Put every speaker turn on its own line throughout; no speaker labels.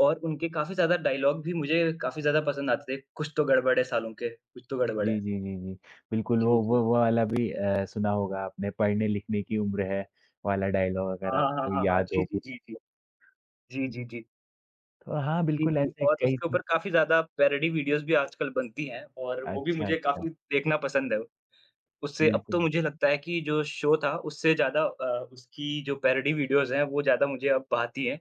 और उनके काफ़ी ज़्यादा डायलॉग भी मुझे काफ़ी ज़्यादा पसंद आते थे। "कुछ तो गड़बड़ है सालुंखे, कुछ तो गड़बड़ है"।
जी, जी, जी, जी। बिल्कुल वो
जी, जी।
वो वो वाला भी अ, सुना होगा आपने "पढ़ने-लिखने की उम्र है" वाला डायलॉग अगर
हाँ, हाँ, हाँ,
आपको
हाँ, हाँ।
याद
जी,
हो
जी,
कुछ
जी, जी।
तो।
जी,
हुँ।
जी, जी।
तो हाँ
जी,
बिल्कुल
जी
ऐसे
और
कई
उसके
से
ऊपर काफ़ी ज़्यादा पैरॉडी वीडियोज़ भी आजकल बनती हैं और वो भी
अच्छा,
मुझे
अच्छा।
काफ़ी देखना पसंद है। उससे अब तो
बिल्कुल।
मुझे लगता है कि जो शो था उससे ज़्यादा अ, उसकी जो पैरॉडी वीडियोज़ हैं वो ज़्यादा मुझे अब भाती हैं।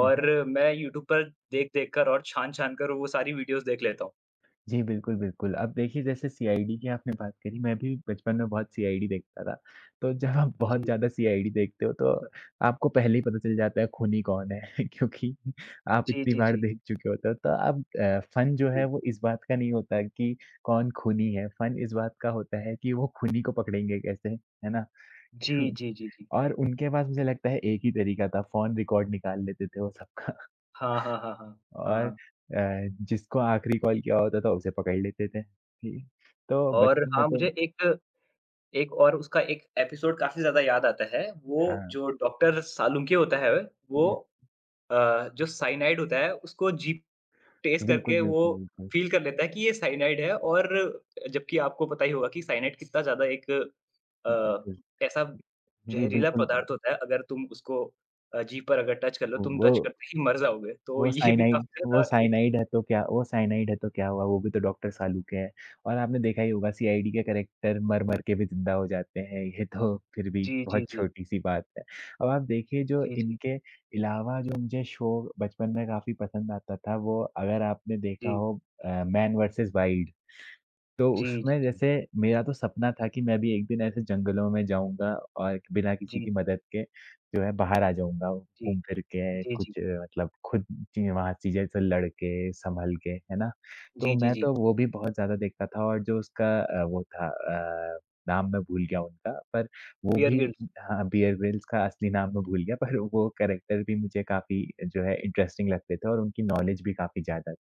हुँ, हुँ।
मैं यूट्यूब पर देख-देख कर और छान-छान कर वो सारी वीडियोज़ देख लेता हूँ।
जी बिल्कुल, बिल्कुल। अब देखिए जैसे सीआईडी की आपने बात करी मैं भी बचपन में बहुत सीआईडी देखता था। तो जब आप बहुत
जी।
ज़्यादा सीआईडी देखते हो तो आपको पहले ही पता चल जाता है खूनी कौन है। क्योंकि आप
जी,
इतनी
जी,
बार
जी।
देख चुके होते हो। तो अब अ, फन जो है
जी।
वो इस बात का नहीं होता है कि कौन खूनी है? फन इस बात का होता है कि वो खूनी को पकड़ेंगे कैसे, है ना?
जी,
क्यूँ?
जी, जी, जी।
और उनके पास मुझे लगता है एक ही तरीका था फ़ोन रिकॉर्ड निकाल लेते थे वो सबका।
हाँ, हाँ, हाँ, हाँ। हाँ,
और
हाँ।
अ, जिसको आखिरी कॉल किया होता था उसे पकड़ लेते थे। जी, तो
और
बचपन में
हाँ
तो
मुझे एक, एक और उसका एक एपिसोड काफ़ी ज़्यादा याद आता है। वो
हाँ।
जो डॉक्टर सालुंखे होता है
उ
वो
उं
अ, जो साइनाइड होता है उसको जीभ टेस्ट
बिल्कुल,
करके वो
बिल्कुल, बिल्कुल।
फ़ील कर लेता है कि ये साइनाइड है और जबकि आपको पता ही होगा कि साइनाइड कितना ज़्यादा एक अ,
बिल्कुल।
कैसा
जी,
ज़हरीला
बिल्कुल।
पदार्थ होता है। अगर तुम उसको अ, जीभ पर अगर टच कर लो,
ओ
तुम टच
वो।
करते ही मर जाओगे। तो
वो
ये भी
साइनाइड
काफ़ी
वो
ज़्यादा एक
साइनाइड है तो क्या वो साइनाइड है तो क्या हुआ? वो भी तो डॉक्टर सालूके है। और आपने देखा ही होगा सीआईडी के करैक्टर मर-मर के भी ज़िंदा हो जाते हैं। ये तो फ़िर भी
जी, जी,
बहुत
जी।
छोटी-सी बात है। अब आप देखिए जो
जी, जी।
इनके अलावा जो मुझे शो बचपन में काफ़ी पसंद आता था वो अगर आपने देखा
जी।
हो अ, मैन वर्सेस वाइल्ड। तो
जी, जी,
उसमें
जी,
जैसे
जी।
मेरा तो सपना था कि मैं भी एक दिन ऐसे जंगलों में जाऊँगा और बिना किसी
जी,
की
जी।
मदद के जो है बाहर आ जाऊँगा
जी।
घूम-फिर के
जी, जी।
कुछ मतलब खुद ची अ, वहाँ चीज़ें से लड़ के, संभल के। है ना? तो
जी, जी,
मैं
जी।
तो वो भी बहुत ज़्यादा देखता था और जो उसका अ, वो था अ, नाम मैं भूल गया उनका। पर वो
बेयर
भी
ग्रिल्स।
हाँ, हाँ, बेयर ग्रिल्स का असली नाम मैं भूल गया पर वो करैक्टर भी मुझे काफ़ी जो है इंटरेस्टिंग लगते थे और उनकी नॉलेज भी काफ़ी ज़्यादा थी।